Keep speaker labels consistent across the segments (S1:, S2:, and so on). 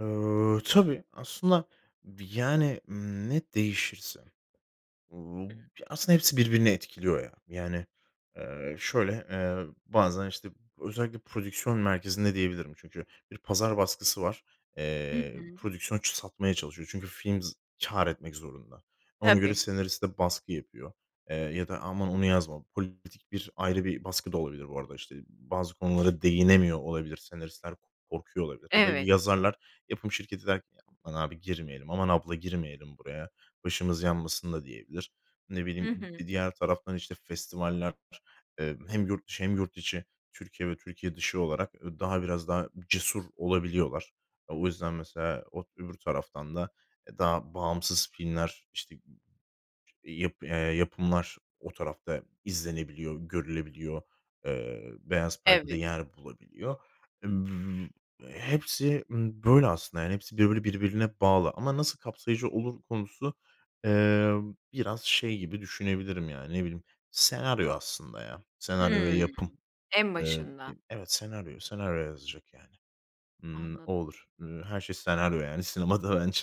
S1: Eee, tabii aslında bi yani, ımm, ne değişirse. Uuu,
S2: Hı.
S1: aslında hepsi birbirini etkiliyor ya. Yani, eee, şöyle, eee, bazen, işte, özellikle prodüksiyon merkezinde diyebilirim çünkü bir pazar baskısı var.
S2: Hı
S1: Eee,
S2: hı.
S1: prodüksiyon ç satmaya çalışıyor. Çünkü film z kâr etmek zorunda. Ona göre
S2: Tabii.
S1: senariste baskı yapıyor, eee, ya da: "Aman onu yazma!" politik bir ayrı bir baskı da olabilir bu arada, işte, bazı konulara değinemiyor olabilir. Senaristler korkuyor olabilir ya da
S2: Evet.
S1: yazarlar yapım şirketi der ki: "Ya, aman abi girmeyelim, aman abla girmeyelim buraya, başımız yanmasın." da diyebilir. Ne
S2: Hı
S1: bileyim,
S2: hı.
S1: bir diğer taraftan, işte, festivaller, eee, hem yurt dışı hem yurt içi, Türkiye ve Türkiye dışı olarak, ııı, daha biraz daha cesur olabiliyorlar. O yüzden mesela o öbür taraftan da, eee, daha bağımsız filmler, işte, yap eee, yapımlar o tarafta izlenebiliyor, görülebiliyor, eee, beyaz perdede
S2: Evet.
S1: yer bulabiliyor. E, bü hepsi, ımm, böyle aslında yani hepsi böyle birbirine bağlı ama nasıl kapsayıcı olur konusu, emm, biraz şey gibi düşünebilirim yani, ne bileyim, senaryo aslında ya, senaryo ve
S2: Hımm,
S1: yapım.
S2: en
S1: Eee,
S2: başında.
S1: dim evet, senaryo, senaryo yazacak yani. Imm, o
S2: Anladım.
S1: olur. Iıı, her şey senaryo yani sinemada bence.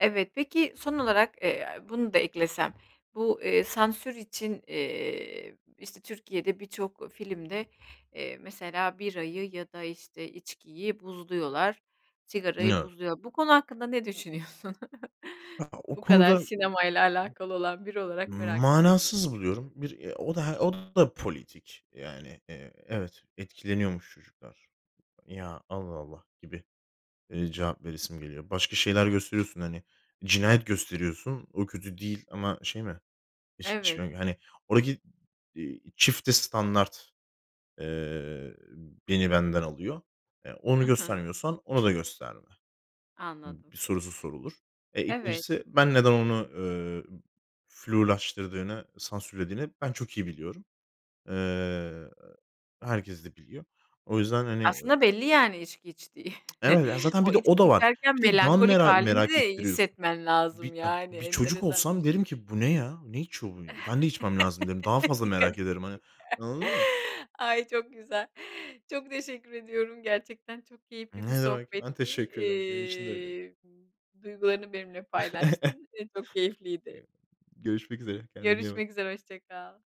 S2: Evet. Peki, son olarak, eee, bunu da eklesem. Bu, eee, sansür için, eee, işte, Türkiye'de birçok filmde, eee, mesela birayı ya da, işte, içkiyi buzluyorlar, sigarayı
S1: Yok.
S2: buzluyor. Bu konu hakkında ne düşünüyorsun?
S1: Ha, o
S2: Bu kadar
S1: konuda
S2: sinemayla
S1: [unintelligible]
S2: alakalı olan biri olarak merak ettim.
S1: Manasız buluyorum. Bir, eee, o da h o da politik. Yani, eee, evet, etkileniyormuş çocuklar. Ya, Allah Allah gibi, eee, cevap veresim geliyor. Başka şeyler gösteriyorsun, hani. Cinayet gösteriyorsun, o kötü değil ama şey mi? İçki
S2: Evet.
S1: içmek hani, oradaki, iii, çifte standart, eee, beni benden alıyor. E,
S2: Hı
S1: onu
S2: hı.
S1: göstermiyorsan onu da gösterme
S2: Anladım.
S1: sorusu sorulur. E,
S2: Evet.
S1: 2'ncisi ben neden onu, eee, flulaştırdığını, sansürlediğini ben çok iyi biliyorum. Eee, herkes de biliyor. O yüzden, hani, ö
S2: Aslında belli, yani, içki içtiği.
S1: Evet, ya, zaten
S2: O
S1: bir de
S2: içki
S1: o da var.
S2: içerken
S1: Bir de daha
S2: melankolik
S1: mera
S2: hâlini
S1: merak
S2: de iyi
S1: ettiriyorsun.
S2: hissetmen
S1: Bir
S2: lazım,
S1: ya,
S2: yani,
S1: bir çocuk
S2: enteresan bir
S1: olsam derim
S2: şekilde.
S1: ki: "Bu ne ya? Ne içiyor bu? Ben de içmem lazım derim." Daha fazla
S2: Dikkatini çeker.
S1: merak ederim, hani. Anladın mı?
S2: Ay, çok güzel. Çok teşekkür ediyorum, gerçekten çok keyifli bir
S1: Ne demek. Ben
S2: sohbetti,
S1: teşekkür ederim. Benim için de öyleydi.
S2: eee ,duygularını benimle paylaştın ve çok keyifliydi.
S1: Eyval Görüşmek üzere. Kendine iyi bak.
S2: Görüşmek üzere, hoşça kal.